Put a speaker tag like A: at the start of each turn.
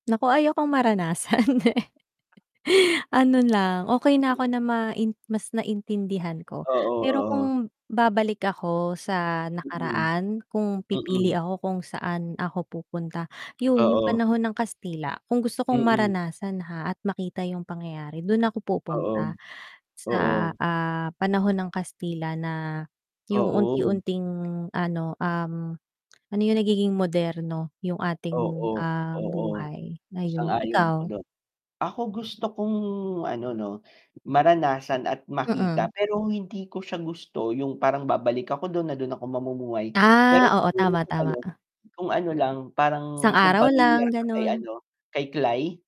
A: Nako, ayaw kong maranasan, eh. Ano lang, okey na
B: Hmm.
A: ako na main mas naintindihan ko,
B: Oo,
A: pero
B: oo.
A: kung babalik ako sa
B: Mm.
A: nakaraan, kung pipili
B: Mm.
A: ako kung saan ako pupunta. Yun yung
B: Oo.
A: panahon ng Kastila, kung gusto kong
B: Mm.
A: maranasan, ha, at makita yung pangyayari dun ako
B: Oo.
A: pupunta sa,
B: Oo.
A: ah, panahon ng Kastila, na yung
B: Oo.
A: unti-unting ano, um, ano yung nagiging moderno yung ating,
B: Oo,
A: um,
B: oo.
A: buhay ngayon,
B: Sang-ayon ako
A: ikaw?
B: dun. Ako gusto kong ano no, maranasan at makita,
A: Mm.
B: pero hindi ko siya gusto yung parang babalik ako dun na dun ako mamumuhay, pero
A: Ah, oo,
B: siguro
A: tama,
B: kung
A: tama.
B: ano kung ano lang, parang
A: Isang
B: kung
A: araw lang,
B: pamilyar ka kay
A: ganon.
B: ano kay Klay?